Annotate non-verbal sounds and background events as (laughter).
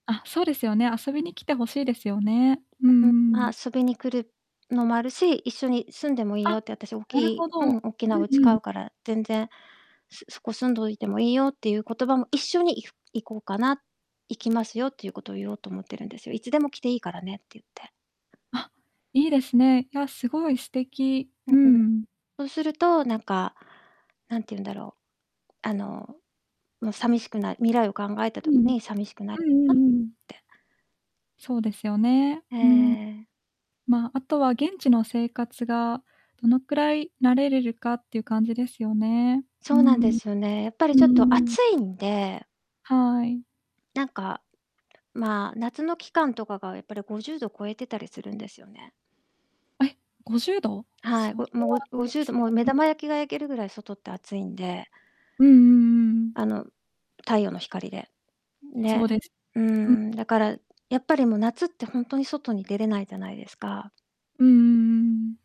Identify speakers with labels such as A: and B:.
A: あ、そうですよね。遊びに来て欲しいですよね。う
B: う、ん、
A: んうん。
B: あ、遊びに来るのう、もあるし、一緒に住んでもいいよ
A: あ、
B: って、あたし、大き
A: なる
B: い
A: ほ
B: うん、
A: ど。
B: おっきな
A: うん
B: うち
A: う
B: 買う
A: ん。
B: から、全然、すそこ住んどいてもいいよってゆう言葉も、一緒にいふ行こうかな行きますよっていうことを言おうと思ってるんですよ。いつでも来ていいからねってゆって。
A: あ、いいですね。いや、すごい素敵、
B: う、
A: うん
B: うん。
A: うん。
B: そうすると、なんか、なんてゆんだろう、あの、も、さみしくない、未来を考えた
A: う
B: 時
A: ん、
B: に、さみしくな (unintelligible)
A: う
B: かっ
A: んうんうんうん。
B: て。
A: そうですよね。
B: ええ
A: うん。
B: ええ。
A: まあ、あとは、現地の生活が、どのくらい慣れれるかっていう感じですよね、
B: そ
A: うー
B: うなんで
A: ん。う
B: すよね。やっぱり
A: ー
B: ちょっと
A: ん。
B: 暑いんで
A: はい。
B: なんか、まあ、夏の期間とかが、やっぱり、50度超えてたりするんですよね。
A: あ、い。50度？
B: はい、
A: そ
B: ごも
A: れ
B: う、
A: は
B: ごご
A: 暑い
B: じゅ
A: で
B: うど、
A: す
B: も
A: ね、
B: う、目玉
A: うん。
B: 焼きが焼けるぐらい外って暑いんで
A: うんうんうん。
B: あの、太陽の光で、
A: そう
B: ね。
A: です。
B: うー
A: うん。
B: ん、だから、やっぱり、も、夏ってほんとに外に出れないじゃないですか。
A: うんうんうんうん。